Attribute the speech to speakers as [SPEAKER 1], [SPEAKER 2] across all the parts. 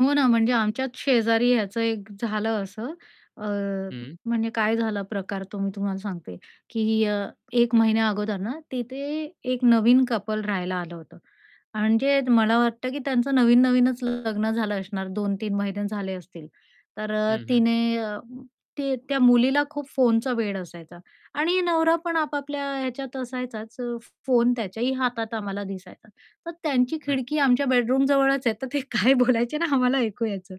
[SPEAKER 1] हो ना, म्हणजे आमच्यात शेजारी ह्याचं एक झालं असं अ,
[SPEAKER 2] हं.
[SPEAKER 1] म्हणजे काय झाला प्रकार तो मी तुम्हाला सांगते, की अ, 1 महिन्या अगोदर ना तिथे एक नवीन कपल राहायला आलं होतं आणि मला वाटतं, की त्यांचं नवीन-नवीनच लग्न झालं असणार. 2-3 महिने झाले असतील. तर अ,
[SPEAKER 2] हं, हं.
[SPEAKER 1] तिने अ, ते त्या मुलीला खूप फोनचं वेड असायचा आणि नवरा पण आपापल्या ह्याच्यात असायचाच अ, फोन त्याचाही हातात आम्हाला दिसायचा, तर त्यांची खिडकी
[SPEAKER 2] अच्छा.
[SPEAKER 1] आमच्या बेडरूमजवळच आहे तर ते काय बोलायचे ना आम्हाला ऐकू यायचं.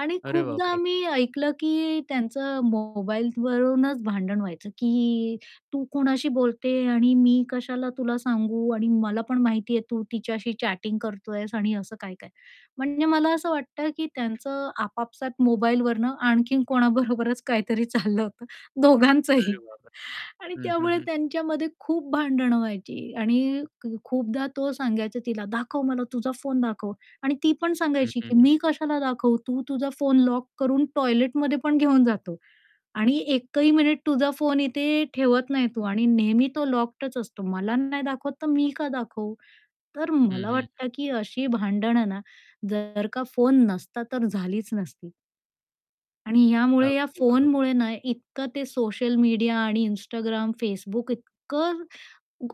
[SPEAKER 1] आणि
[SPEAKER 2] अरे
[SPEAKER 1] खूपदा
[SPEAKER 2] बापरे!
[SPEAKER 1] आम्ही ऐकलं, की त्यांचं मोबाईल वरूनच भांडण व्हायचं, की तू कोणाशी बोलते आणि मी कशाला तुला सांगू आणि मला पण माहितीये, की तू तिच्याशी चॅटिंग करतोयस आणि असं काय-काय म्हणजे मला असं वाटतं, की त्यांचं आपापसात मोबाईलवरनं आणखीन कोणाबरोबरच काहीतरी चाललं होतं.
[SPEAKER 2] अरे
[SPEAKER 1] दोघांचंही.
[SPEAKER 2] बापरे!
[SPEAKER 1] आणि
[SPEAKER 2] हं, हं,
[SPEAKER 1] त्यामुळे
[SPEAKER 2] हं.
[SPEAKER 1] त्यांच्यामध्ये खूप भांडणं व्हायची आणि खूपदा तो सांगायचा तिला, "दाखव मला तुझा फोन दाखव." आणि ती पण
[SPEAKER 2] हं,
[SPEAKER 1] सांगायची,
[SPEAKER 2] हं,
[SPEAKER 1] की
[SPEAKER 2] हं.
[SPEAKER 1] "मी कशाला दाखवू? तू तुझा फोन लॉक करून टॉयलेटमध्ये पण घेऊन जातो आणि एकही मिनिट तुझा फोन इथे ठेवत नाही तू आणि नेहमी तो लॉक्डच असतो. मला नाही दाखवत तर मी का दाखवू?" तर
[SPEAKER 2] हं,
[SPEAKER 1] मला
[SPEAKER 2] हं, हं.
[SPEAKER 1] वाटतं, की अशी भांडणं ना जर का फोन नसता तर झालीच नसती. आणि यामुळे या
[SPEAKER 2] अगदी बरोबर.
[SPEAKER 1] फोनमुळे ना इतकं ते सोशल मीडिया आणि Instagram, Facebook इतकं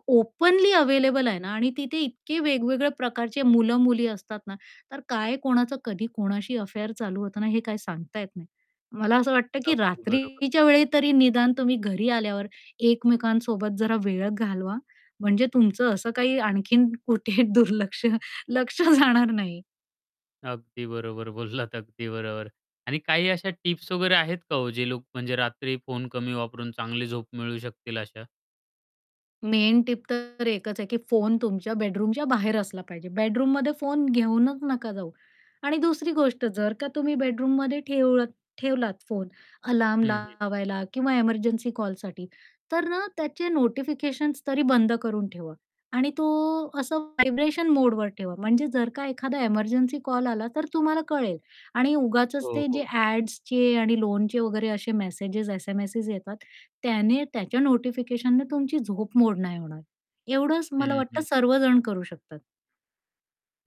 [SPEAKER 1] ओपनली अवेलेबल आहे ना आणि तिथे इतके वेगवेगळ्या प्रकारचे मुलं-मुली असतात ना, तर काय कोणाचं कधी कोणाशी अफेअर चालू होतं ना, हे काय सांगता येत नाही. मला असं वाटतं, की
[SPEAKER 2] अगदी बरोबर.
[SPEAKER 1] रात्रीच्या वेळी तरी निदान तुम्ही घरी आल्यावर एकमेकांसोबत जरा वेळ घालवा म्हणजे तुमचं असं काही आणखीन कुठे दुर्लक्ष लक्ष जाणार नाही.
[SPEAKER 2] अगदी बरोबर बोललात, अगदी बरोबर. आणि काही अशा टिप्स वगैरे आहेत का हो, जे लोक म्हणजे रात्री फोन कमी वापरून चांगली झोप मिळवू शकतील अशा?
[SPEAKER 1] मेन टिप तर एकच आहे, की फोन तुमच्या बेडरूमच्या बाहेर असला पाहिजे. बेडरूममध्ये फोन घेऊनच नका जाऊ. आणि दुसरी गोष्ट, जर का तुम्ही बेडरूममध्ये ठेव ठेवलात फोन अलार्म
[SPEAKER 2] हं, हं.
[SPEAKER 1] लावायला किंवा एमर्जन्सी कॉलसाठी, तर ना त्याचे नोटिफिकेशन्स तरी बंद करून ठेवा आणि तो असं व्हायब्रेशन मोडवर ठेवा म्हणजे जर का एखादा एमर्जन्सी कॉल आला तर तुम्हाला कळेल आणि उगाचच
[SPEAKER 2] हो,
[SPEAKER 1] ते जे
[SPEAKER 2] हो.
[SPEAKER 1] ॲड्सचे आणि लोनचे वगैरे असे मेसेज एस-एम-एसेस येतात, त्याने त्याच्या नोटिफिकेशनने तुमची झोप मोड नाही होणार. एवढंच मला
[SPEAKER 2] हं,
[SPEAKER 1] वाटतं
[SPEAKER 2] हं.
[SPEAKER 1] सर्वजण करू शकतात.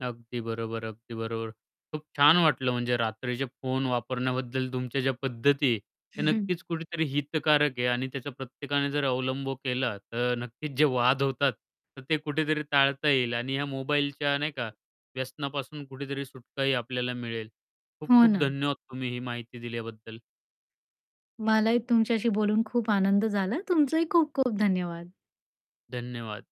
[SPEAKER 2] अगदी बरोबर, अगदी बरोबर. खूप छान वाटलं म्हणजे रात्रीचे फोन वापरण्याबद्दल तुमच्या ज्या पद्धती आहे त्या नक्कीच कुठेतरी हितकारक आहे आणि त्याच्या प्रत्येकाने जर अवलंब केला तर नक्कीच जे वाद होतात तर ते कुठेतरी टाळता येईल आणि या मोबाईलच्या नाही का व्यसनापासून कुठेतरी सुटका ही आपल्याला मिळेल. खूप
[SPEAKER 1] हो
[SPEAKER 2] खूप
[SPEAKER 1] ना.
[SPEAKER 2] धन्यवाद तुम्ही ही माहिती दिल्याबद्दल.
[SPEAKER 1] मलाही तुमच्याशी बोलून खूप आनंद झाला. तुमचाही खूप खूप धन्यवाद.
[SPEAKER 2] धन्यवाद.